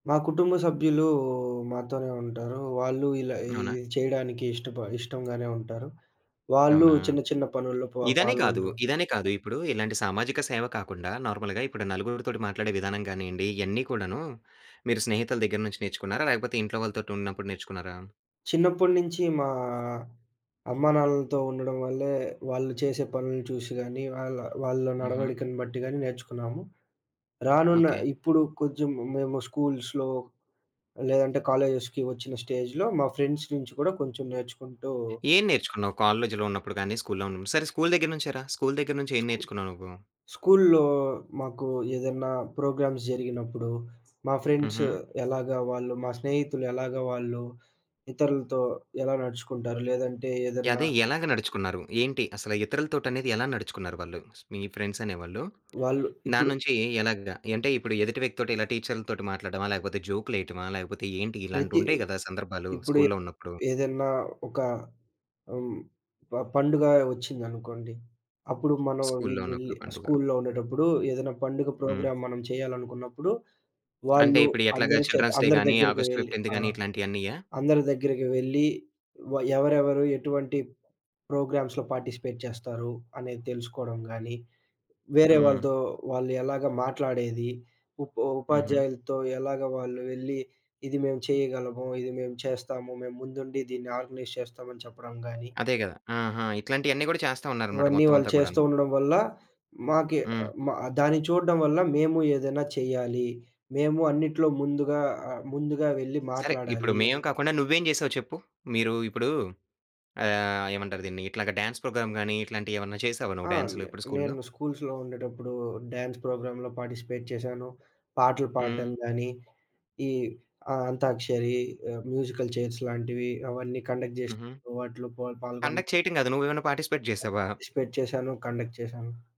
మా కుటుంబ సభ్యులు మాతోనే ఉంటారు. వాళ్ళు ఇలా అవునా? ఇది చేయడానికి ఇష్టప ఇష్టంగానే ఉంటారు. వాళ్ళు అవునా? చిన్న, చిన్న పనుల్లో పొ ఇదనే కాదు. పాల్గొంటూ ఉంటారు. ఇదనే కాదు, ఇప్పుడు ఇలాంటి సామాజిక సేవ కాకుండా నార్మల్‌గా ఇప్పుడు నలుగురితోటి మాట్లాడే విధానం గానియండి ఇయన్ని కూడాను, మీరు స్నేహితుల దెగ్గర నుంచి నేర్చుకున్నారా? లేకపోతే ఇంట్లో వాళ్ళతోటి ఉన్నప్పుడు నేర్చుకున్నారా? చిన్నప్పుడ్నించి మా అమ్మా నాన్నలతో ఉండడం వల్లే, వాళ్ళు చేసే పనుల్ని చూషి గాని, వాళ్ళ వాళ్ళ హుహు. నడవడికను బట్టి గాని నేర్చుకున్నాము. రానున్న ఓకే. ఇప్పుడు కొంచెం మేము స్కూల్స్‌లో లేదంటే, కాలేజెస్‌కి వచ్చిన స్టేజ్‌లో మా ఫ్రెండ్స్ నుంచి కూడా కొంచెం నేర్చుకుంటూ ఏం నేర్చుకున్నావు? కాలేజ్‌లో ఉన్నప్పుడు గాని, స్కూల్లో ఉన్న సరే స్కూల్ దెగ్గర్నుంచే రా, స్కూల్ దెగ్గర్నుంచి ఏం స్కూ నేర్చుకున్నావు నువ్వు? స్కూల్‌లో మాకు ఏదన్నా ప్రోగ్రామ్స్ జరిగినప్పుడు, మా ఫ్రెండ్స్ హుహు. ఎలాగా వాళ్ళు మా స్నేహితులు ఎలాగా వాళ్ళు ఇతరులతో ఎలా నడుచుకుంటారు? లేదంటే ఏదన్నా యదె ఎలాగ నడుచుకున్నారు? ఏంటి అసల ఇతరులతోటనేది ఎలా నడుచుకున్నారు వాళ్ళు? మీ ఫ్రెండ్సనే వాళ్ళు. వాళ్ళు ఇప్పుడు దాన్నుంచి ఎలాగా యంటే, ఇప్పుడు ఎదుటి వ్యక్తోటి ఇలా టీచర్లతోటి మాట్లాడ్డమా? లేకపోతే జోకులేయటమా? లేకపోతే ఏంటి? ప్రతి ఇలాంటియుంటయి కదా! సందర్భాలు ఇప్పుడు ఏ స్కూల్‌లో ఉన్నప్పుడు. ఏదన్నా ఒక హ్మ్, ప పండుగా వచ్చిందనుకోండి, అప్పుడు మనం స్కూల్‌లో వీళ్ళు వెళ్లి ఉన్నప్పుడు పండుగ. స్కూల్‌లో ఉండేటప్పుడు ఏదన్నా పండుగ హ్మ్. ప్రోగ్రాం మనం చేయాలనుకున్నప్పుడు, అంటే వాళ్ళు ఇప్పుడు ఎట్లాగా అందరి చేత చిల్డ్రన్స్‌ డే అందరి గాని, దగ్గరికి ఆగస్ట్ వెళ్లి 15థ్ ఆ! గాని, ఇట్లాంటియన్నీయా? అందరి దగ్గరికి వెళ్లి వ ఎవరెవరు ఎటువంటి ప్రోగ్రామ్స్‌లో పార్టిసిపేట్ చేస్తారు, అనేది తెలుసుకోడం గాని, వేరే హ్మ్. వాళ్ళతో వాళ్ళు ఎలాగా మాట్లాడేది, ఉ హుహు. ఉపాధ్యాయులతో ఎలాగా వాళ్ళు వెళ్లి ఇది మేము చేయగలము, ఇది మేము చేస్తాము, మేము ముందుండి దీన్ని ఆర్గనైజ్ చేస్తాము. అని చెప్పడం గాని అదే గదా! ఆహా! ఇట్లాంటియన్నీ గూడా చేస్తా ఉన్నారన్నమాట, ఇవన్నీ వాళ్ళు మొత్తమంతా చేస్తూ కూడాను. ఉండడం వల్ల, మాకె హ్మ్. మ ఆ దాన్ని చూడ్డం వల్ల మేము ఏదైనా చేయాలి. మేము అన్నిట్లో ముందుగా ఆహ్, ముందుగా వెళ్లి సరే, ఇప్పుడు మాట్లాడాలి. మేము అనే కాకుండా నువ్వేం జేసావో చెప్పు. మీరు ఇప్పుడు ఆహ్, ఏమంటారు దీన్ని ఇట్లాగా డాన్స్ ప్రోగ్రామ్ గాని, ఇట్లాంటియేవన్నా చేసావా నువ్వు ఆ! డాన్సు లు నే ఇప్పుడు స్కూల్లో? నేను స్కూల్స్‌లో ఉండేటప్పుడు, డ్యాన్స్ ప్రోగ్రామ్‌లో పార్టిసిపేట్ చేశాను. పాటలు పాడ్డం హ్మ్. గానీ, ఈ ఆ అంతాక్షరి, ఆహ్, మ్యూజికల్ చైర్స్‌ లాంటివి. అవన్నీ కండక్ట్ హుహు. జేసినప్పుడు వాటిలో పా పాల్గొన కండక్ట్ చేయటం గాదు, నువ్వేవన్నా పార్టిసిపేట్ ప జేశావా? పార్టిసిపేట్ చేశాను. కండక్ట్ చేశాను.